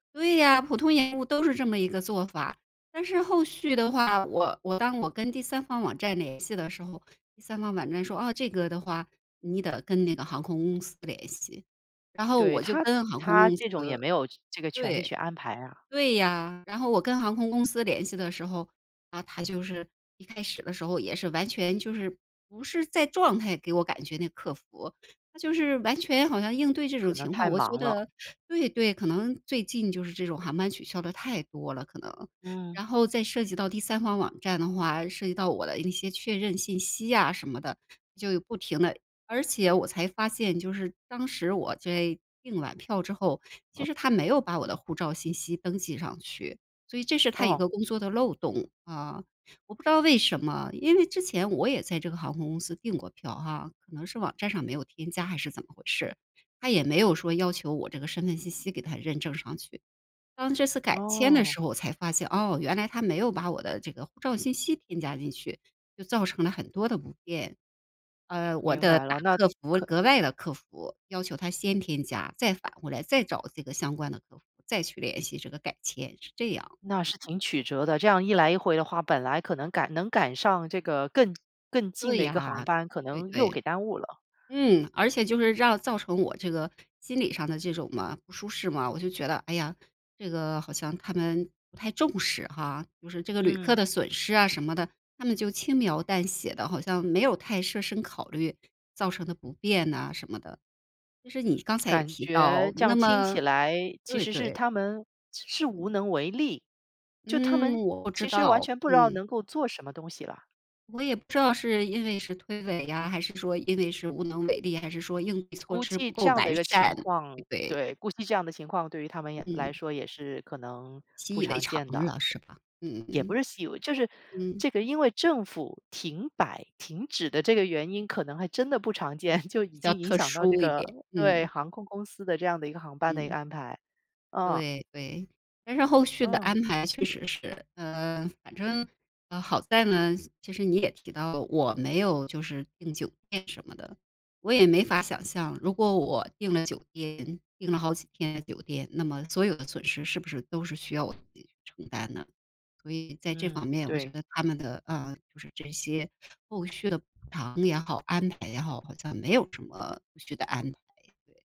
对呀，普通延误都是这么一个做法，但是后续的话，我我当我跟第三方网站联系的时候，第三方网站说：“啊，这个的话，你得跟那个航空公司联系。“然后对我就他跟航空他公司这种也没有这个权利对，去安排啊。对呀。然后我跟航空公司联系的时候，啊，他就是一开始的时候也是完全就是不是在状态给我感觉那个客服，他就是完全好像应对这种可能情况，太我觉忙了。得对对，可能最近就是这种航班取消得太多了，可能。嗯。然后再涉及到第三方网站的话，涉及到我的一些确认信息呀什么的，就不停地而且我才发现就是当时我在订完票之后，其实他没有把我的护照信息登记上去，所以这是他一哦。个工作的漏洞，啊。我不知道为什么，因为之前我也在这个航空公司订过票哈，可能是网站上没有添加还是怎么回事，他也没有说要求我这个身份信息给它认证上去。当这次改签的哦。时候我才发现，哦，原来他没有把我的这个护照信息添加进去，就造成了很多的不便。呃，我明得白打了。那客服，可额外的客服，要求他先添加，再返回来再找这个相关的客服，再去联系这个改签是这样。那是挺曲折的，这样一来一回的话，本来可能赶能赶上这个更更近对的一个航呀，班，可对能又对。给耽误了。嗯，而且就是让造成我这个心理上的这种嘛，不舒适嘛。我就觉得：“哎呀，这个好像他们不太重视哈。“就是这个旅客嗯。的损失啊什么的，他们就轻描淡写的，好像没有太设身考虑，造成的不便呐什么的。就是你刚才也感提觉到，这样那听么起来其对实是对。他们是是无嗯。能为力，就他嗯，们我不知其实完道，全不知道嗯。能够做什么东西了。我也不知道是因为是推诿呀，还是说因为是无能为力，还是说应对措估施计不够这样的完一个善，情况对不对。对，估计这样的情况对于他们也来嗯。说也是可能习不以为常常见的。了是吧，嗯也不嗯，是习以为就是，嗯。这个因为政府停摆停止的这个原因，可能还真的不常见，就已比较经影特响到这殊一个点，对，嗯。航空公司的这样的一个航班的一个嗯。安排，啊。对对，但是后续的嗯。安排确实是，呃，反正，呃，好在呢，其实你也提到我没有就是订酒店什么的。我也没法想象如果我订了酒店订了好几天的酒店，那么所有的损失是不是都是需要我自己去承担呢？所以在这方嗯，面我觉对。得他们的，呃，就是这些后续的补偿也好，安排也好，好像没有什么后续的安排。对。